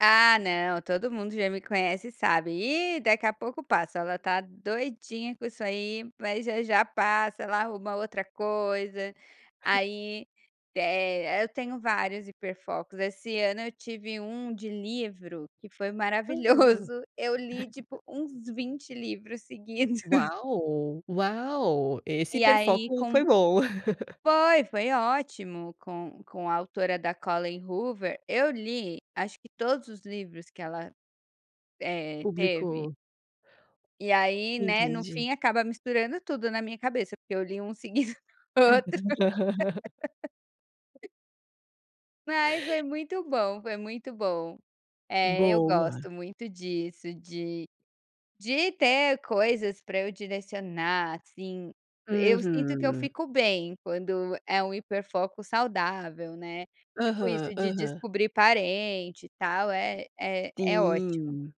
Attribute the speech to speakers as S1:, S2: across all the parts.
S1: Ah não, todo mundo já me conhece sabe, e daqui a pouco passa, ela está doidinha com isso aí, mas já, já passa, ela arruma outra coisa, aí, eh, eu tenho vários hiper focos, esse ano eu tive um de livro que foi maravilhoso, eu li tipo uns 20 livros seguidos.
S2: Uau, uau, esse
S1: E aí
S2: hiperfoco
S1: com
S2: foi bom.
S1: foi, foi ótimo com com a autora da Collen Hoover, eu li acho que todos os livros que ela, eh, teve.
S2: Público.
S1: E aí, né, no
S2: Entendi.
S1: fim acaba misturando tudo na minha cabeça porque eu li um seguido do outro. Mas foi muito bom, foi muito bom. É, eu
S2: Boa.
S1: gosto muito disso, de de ter coisas para eu direcionar assim, eu sinto que eu
S2: Uhum.
S1: fico bem quando é um hiperfoco saudável, né, tipo isso
S2: Aham,
S1: de
S2: aham.
S1: descobrir parente e tal é é é ótimo.
S2: Sim,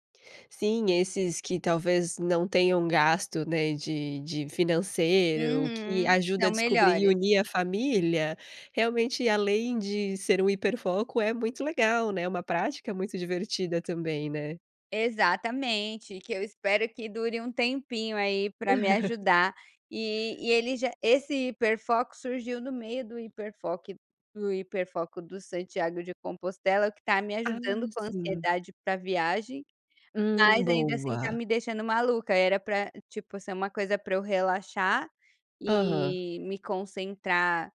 S2: sim esses que talvez não tenham gasto, né, de de financeiro, que
S1: Uhum.
S2: ajuda a
S1: São
S2: descobrir e
S1: melhores.
S2: unir a família, realmente além de ser um hiperfoco é muito legal né, uma prática muito divertida também, né.
S1: Exatamente, que eu espero que dure um tempinho aí para me ajudar, e e ele já esse hiperfoco surgiu no meio do hiperfoco do hiperfoco do Santiago de Compostela que está me
S2: Ah,
S1: ajudando com a
S2: sim.
S1: ansiedade para viagem,
S2: Hum,
S1: mas ainda assim está
S2: boa.
S1: me deixando maluca, era pra tipo ser uma coisa para eu relaxar
S2: Aham.
S1: e me concentrar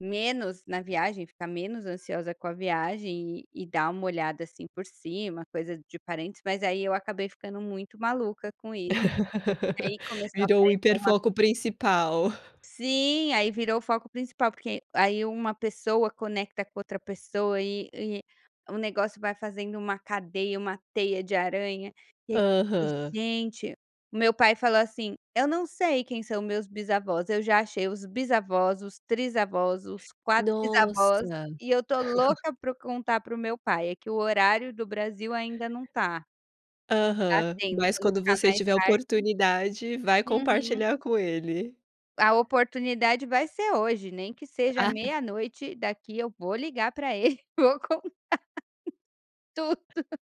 S1: menos na viagem, ficar menos ansiosa com a viagem e dar um olhada assim por cima, coisa de parentes mas aí eu acabei ficando muito maluca com isso, aí começou a
S2: Virou o
S1: aparecer uma
S2: hiperfoco principal.
S1: Sim, aí virou o foco principal porque aí uma pessoa conecta com outra pessoa e e negócio vai fazendo uma cadeia, uma teia de aranha, e ai você fica
S2: Aham.
S1: "Gente", o meu pai falou assim: "Eu não sei quem são meus bisavós, eu já achei os bisavós, os trisavós, os quatrisavós.".
S2: Nossa.
S1: E eu estou louca para o contar para o meu pai, é que o horário do Brasil ainda não está. Está
S2: Aham,
S1: tendo,
S2: mas
S1: quando
S2: quando
S1: ficar
S2: você
S1: mais
S2: tiver
S1: tarde.
S2: oportunidade vai
S1: Uhum.
S2: compartilhar com ele.
S1: A oportunidade vai ser hoje nem que seja
S2: Ah
S1: meia noite daqui eu vou ligar para ele, vou contar tudo.